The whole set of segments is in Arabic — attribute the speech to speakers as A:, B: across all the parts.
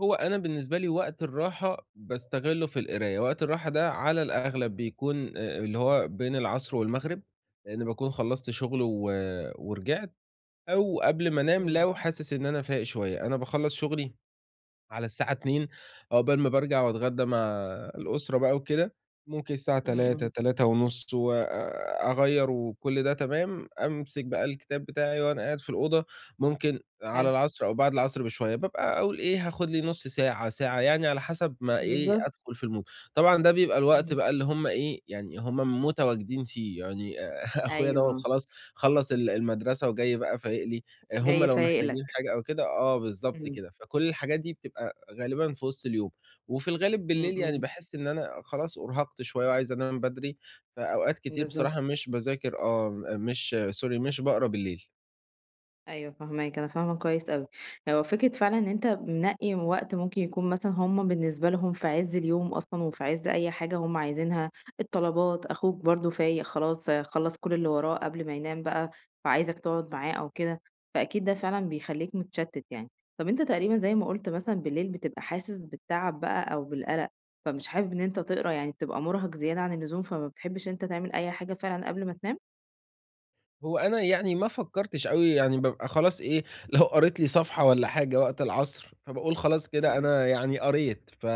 A: هو أنا بالنسبة لي وقت الراحة باستغلّه في القراية، وقت الراحة ده على الأغلب بيكون آآ اللي هو بين العصر والمغرب، لإنّي باكون خلّصت شغل و ورِجِعت، أو قبل ما انام
B: إمم.
A: لو حاسس إن أنا فايق شوية، أنا باخلّص شغلي على الساعة 14:00 عقبال ما بارجع واتغدّى مع الأسرة بقى وكده، ممكن الساعة
B: إمم،
A: تلاتة،
B: إمم.
A: تلاتة ونُص، وآآ أغيّر وكلّ ده تمام، أمسك بقى الكتاب بتاعي وأنا قاعد في الأوضة، ممكن على
B: حلو.
A: العصر أو بعد العصر بشوية بابقى أقول إيه، هاخد لي نُص ساعة، ساعة، يعني على حسب ما إيه،
B: بالضبط.
A: أدخل في الMood، طبعًا ده بيبقى الوقت
B: إمم.
A: بقى اللي هُم إيه، يعني هُم متواجدين فيه يعني آآ، أخويا دَوّة
B: أيوه.
A: خلاص خلّص ال المدرسة وجاي بقى فايق لي، هُم
B: جاي
A: لو
B: فايق
A: محتاجين
B: لك.
A: حاجة أو كده، آه بالضبط
B: إمم.
A: كده، فكلّ الحاجات دي بتبقى غالبًا في وِسط اليوم. وفي الغالب
B: إمم،
A: بالليل يعني
B: إمم.
A: باحس إن أنا خلاص أُرهقت شوية وعايز انام بدري، فأوقات كتير
B: بالضبط.
A: بصراحة مش باذاكر آه، م مش Sorry، مش باقرا بالليل.
B: أيوه فاهماك، أنا فاهمة كويس أوي، هو فكرة فعلًا إن أنت منقّي وقت ممكن يكون مثلًا هُم بالنسبة لهم في عز اليوم أصلًا وفي عز أي حاجة هُم عايزينها، الطلبات، أخوك برضه فايق خلاص خلّص كلّ اللي وراه قبل ما ينام بقى، فعايزك تقعُد معاه أو كده، فأكيد ده فعلًا بيخلّيك متشتّت يعني. طب أنت تقريبًا زي ما قُلت مثلًا بالليل بتبقى حاسس بالتعب بقى أو بالقلق، فمش حابب إن أنت تقرا، يعني بتبقى مُرهق زيادة عن اللزوم، فما بتحبش إن أنت تعمل أي حاجة فعلًا قبل ما تنام؟
A: هو أنا يعني ما فكّرتش أوي، يعني بابقى خلاص إيه، لو قريت لي صفحة والّا حاجة وقت العصر، فباقول خلاص
B: إمم،
A: كده،
B: إمم.
A: أنا يعني قريت ف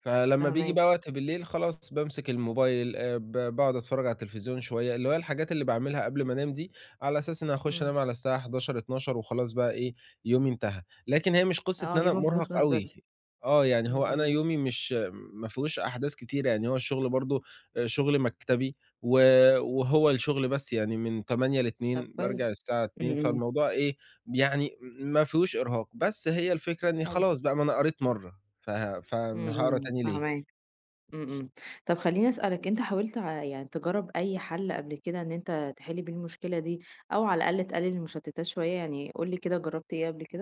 A: فلمّا بييجي بقى
B: فاهماك.
A: وقت بالليل خلاص، بامسك الموبايل آآ ب باقعُد اتفرّج على التلفزيون شوية، اللي هي الحاجات اللي باعملها قبل ما انام دي، على أساس إنّي هاخش
B: إمم.
A: انام على الساعة 23:00، 00:00 وخلاص بقى إيه، يومي انتهى، لكن هي مش قصّة إن
B: آه،
A: أنا
B: يومك
A: مُرهق
B: بيخلص
A: أوي،
B: بدري،
A: آه، يعني
B: إمم،
A: هو أنا
B: إمم.
A: يومي مش م ما فيهوش أحداث كتيرة، يعني هو الشغل برضه، آآ شغل مكتبي و وهو الشغل بس يعني من 08:00
B: طب
A: ل14:00، بارجع
B: كويس،
A: الساعة
B: إمم،
A: 14:00،
B: إمم.
A: فالموضوع إيه ب يعني ما فيهوش إرهاق، بس هي الفكرة إنّي
B: حلو.
A: خلاص بقى ما أنا قريت مَرّة، فه ف آمم
B: إمم،
A: هاقرا
B: إمم،
A: تاني ليه؟
B: فاهماك، إمم، إمم، طب خلّيني اسألك أنت حاولت ع يعني تجرّب أي حَل قبل كده إن أنت تحل بيه المشكلة دي، أو على الأقل تقلّل المشتّتات شوية؟ يعني قُل لي كده جرّبت إيه قبل كده؟